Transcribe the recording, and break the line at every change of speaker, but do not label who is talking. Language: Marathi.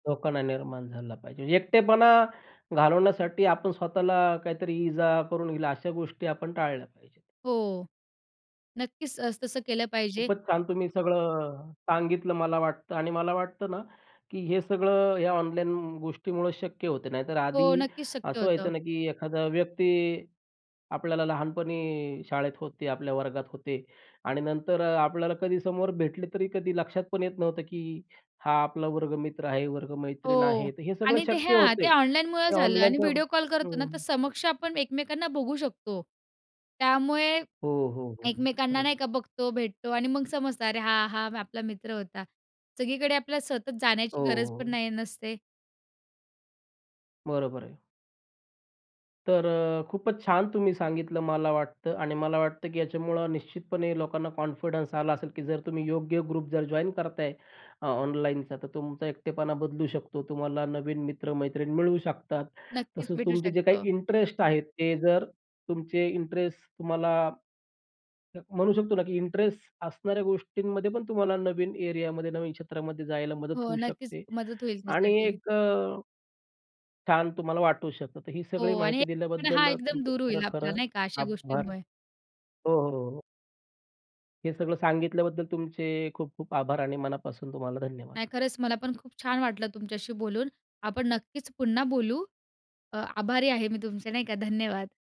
लोकांना निर्माण झाला पाहिजे. एकटेपणा घालवण्यासाठी आपण स्वतःला काहीतरी इजा करून घेईल अशा गोष्टी आपण टाळल्या पाहिजे.
हो. नक्कीच, असं तसं केलं पाहिजे.
खूपच छान तुम्ही सगळं अ, सांगितलं मला वाटतं आणि मला वाटतं ना, की हे सगळं ह्या ऑनलाईन गोष्टीमुळे शक्य होते, नाहीतर
हो,
आधी
नक्कीच शक्य
असं व्हायचं
होतं.
ना, की एखादा व्यक्ती, आपल्याला लहानपणी शाळेत होते, आपल्या वर्गात होते आणि नंतर अ, आपल्याला कधी समोर भेटले तरी कधी लक्षात पण येत नव्हतं, की "हा, आपला वर्गमित्र आहे, वर्गमैत्रीण
हो
आहे." तर हे सगळं
आणि ते
शक्य
ह्या ते
होतंय, ते
ऑनलाईनमुळं झालं आणि
ऑनलाईनच्या
व्हिडिओ कॉल करतो ना,
हं.
तर समक्ष आपण एकमेकांना बघू शकतो, त्यामुळे
हो, हो, हो, हो.
एकमेकांना
खरंय.
नाही का बघतो, भेटतो अन् मग समजतं, "अरे हां, हां, आपला मित्र होता." सगळीकडे आपल्या सतत
हो,
जाण्याची
हो,
गरज पण
हो.
नाही नसते.
बरोबर आहे. तर अ, खूपच छान तुम्ही सांगितलं, मला वाटतं आणि मला वाटतं, की ह्याच्यामुळं निश्चितपणे लोकांना कॉन्फिडन्स आला असेल, की जर तुम्ही योग्य ग्रुप जर जॉइन करताय अ, ऑनलाईनचा, तर तुमचा एकटेपणा बदलू शकतो. तुम्हाला नवीन मित्र-मैत्रिण मिळू शकतात.
नक्कीच
तसंच
भेटू
तुमचे जे काही
शकतो.
इंटरेस्ट आहे, ते जर तुमचे इंटरेस्ट तुम्हाला म्हणू शकतो ना, की इंटरेस्ट असणाऱ्या गोष्टींमध्ये पण तुम्हाला नवीन एरियामध्ये, नवीन क्षेत्रामध्ये जायला मदत
हो.
होऊ
नक्कीच
शकते
मदत होईल
आणि
त्यासाठी.
एक अ छान तुम्हाला वाटू शकतं. तर ही सगळी
हो आणि
माहिती
एकटेपणा हा
दिल्याबद्दल
एकदम
तुमचं
दूर
खरं,
होईल, आपला
खरं
नाही का, अशा
आभार.
गोष्टींमुळे.
हो, हो, हो. हे सगळं सांगितल्याबद्दल तुमचे खूप-खूप आभार आणि मनापासून तुम्हाला धन्यवाद!
नाही खरंच मला पण खूप छान वाटलं तुमच्याशी बोलून. आपण नक्कीच पुन्हा बोलू. अ, आभारी आहे मी तुमचे, नाही का, धन्यवाद!